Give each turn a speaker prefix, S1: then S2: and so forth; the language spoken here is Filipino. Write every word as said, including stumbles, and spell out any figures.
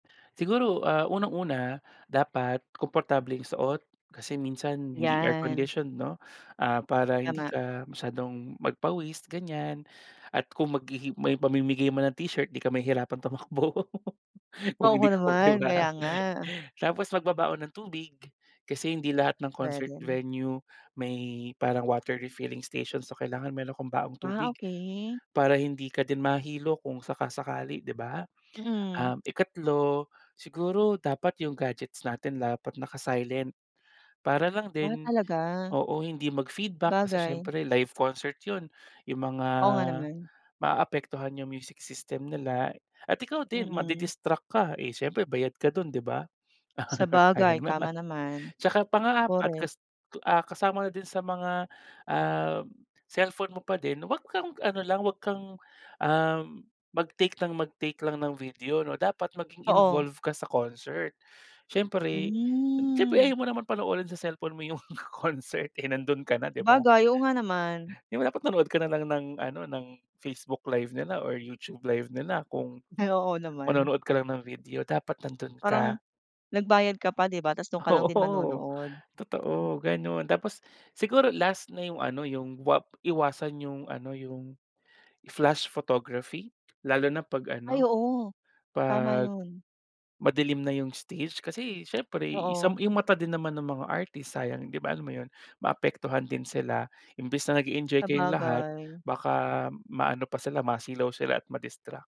S1: Siguro, ah, unang-una dapat komportableng suot. Kasi minsan hindi air
S2: 'Yan.
S1: conditioned 'no, ah, para hindi
S2: Tama.
S1: ka masyadong magpawis ganyan at kung maghihi may pamimigay man na t-shirt 'di ka mahihirapang tumakbo, kung
S2: Oho
S1: hindi ko 'di
S2: naman,
S1: ba.
S2: kaya nga.
S1: Tapos magbabaon ng tubig, kasi hindi lahat ng concert
S2: Puwede.
S1: venue may parang water refilling station, so kailangan meron kang baong
S2: Ah
S1: tubig,
S2: okey.
S1: para hindi ka din mahilo kung saka-sakali 'di ba.
S2: Mm.
S1: Ah, ikatlo, siguro dapat 'yung gadgets natin dapat naka-silent, para lang
S2: Ah
S1: din
S2: talaga.
S1: oo hindi mag feedback kasi
S2: bagay.
S1: siyempre live concert 'yon. 'Yung mga
S2: Oo nga naman.
S1: maaapektuhan 'yung music system nila at ikaw din
S2: Mm.
S1: madi-distract ka eh siyempre bayad ka dun 'di ba.
S2: Sabagay,
S1: Sayang naman.
S2: tama naman.
S1: 'Tsaka pang-apat
S2: Korek.
S1: kas ah, kasama na din sa mga, um, cellphone mo pa din, huwag kang ano lang wag kang, um, mag-take ng mag-take lang ng video 'no dapat maging
S2: Oo.
S1: involve ka sa concert. Siyempre siyempre
S2: Hmm.
S1: ayaw mo naman panoorin sa cellphone mo 'yung concert eh nando'n ka na 'di ba.
S2: Sabagay, oo nga naman.
S1: 'Di ba dapat nanood ka na lang ng ano ng Facebook live nila or YouTube live nila kung,
S2: Ay oo naman.
S1: manonood ka lang ng video. Dapat nando'n ka.
S2: Parang, nagbayad ka pa 'di ba 'tas do'n ka lang din
S1: Oo,
S2: manonood.
S1: totoo gano'n. Tapos siguro last na yung ano yung wag iwasan yung ano yung flash photography lalo na 'pag
S2: Ay
S1: ano,
S2: oo, tama
S1: 'pag
S2: 'yon.
S1: madilim na yung stage, kasi siyempre isa
S2: Oo.
S1: yung mata din naman ng mga artist sayang 'di ba alam mo yun maapektuhan din sila. Imbis na nage-enjoy kayong lahat
S2: Sabagay.
S1: baka maano pa sila, masilaw sila at madistract.